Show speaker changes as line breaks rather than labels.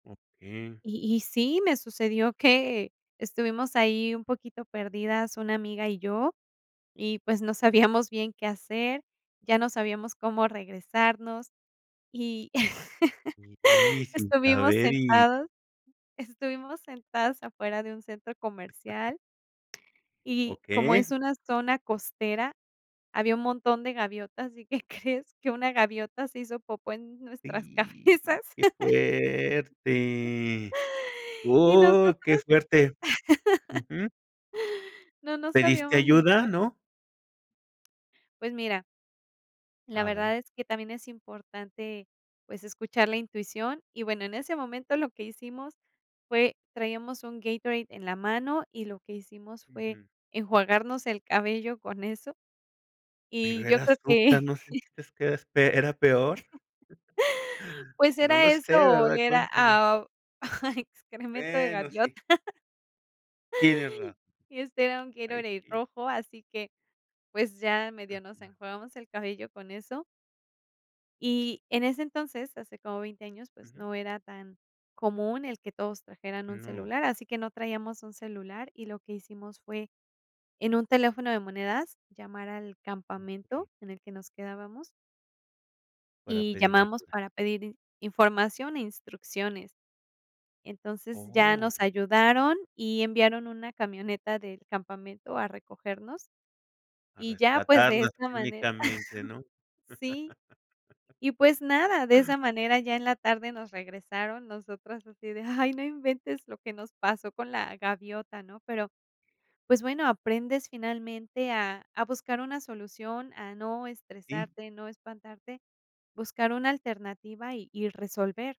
Okey.
Y y sí, me sucedió que estuvimos ahí un poquito perdidas una amiga y yo, y pues no sabíamos bien qué hacer, ya no sabíamos cómo regresarnos. Y
Y sin
estuvimos
saber y
sentadas estuvimos sentadas afuera de un centro comercial. Y como es
Okey.
una zona costera, había un montón de gaviotas. ¿Y qué crees? Que una gaviota se hizo popó en nuestras
¡Y,
cabezas.
qué fuerte!
Y
¡Oh,
nosotras
qué suerte! Ujú.
no, no
Pediste
sabíamos ni qué
ayuda,
ha
¿no?
Pues mira la
A ver.
verdad es que también es importante, pues escuchar la intuición. Y bueno, en ese momento lo que hicimos fue, traíamos un Gatorade en la mano y lo que hicimos fue
Ujú.
enjuagarnos el cabello con eso.
Pero
Y yo
era
creo
azúcar,
que
¿no sentiste que eras pe era peor?
Pues
No
era
lo
eso
sé,
o
¿verdad?
oler a
Cuéntame.
a excremento de
Bueno, sí,
gaviota.
Tienes razón.
Y este era un
Ay
Gatorade
sí.
rojo, así que pues ya medio nos
Ujú.
enjuagamos el cabello con eso. Y en ese entonces, hace como veinte años, pues
Ujú.
no era tan común el que todos trajeran un
No.
celular, así que no traíamos un celular y lo que hicimos fue en un teléfono de monedas llamar al campamento
Okey.
en el que nos quedábamos
Para
Y
pedir
llamamos
ayuda.
para pedir in información e instrucciones. Entonces, ya
Oh.
nos ayudaron y enviaron una camioneta del campamento a recogernos.
A
Y ya, pues de
rescatarlas
esa manera
técnicamente, ¿no?
sí. Y pues nada, de esa manera ya en la tarde nos regresaron nosotras así de: "Ay, no inventes lo que nos pasó con la gaviota", ¿no? Pero, pues bueno, aprendes finalmente a a buscar una solución, a no
¿Y?
estresarte, no espantarte, buscar una alternativa y y resolver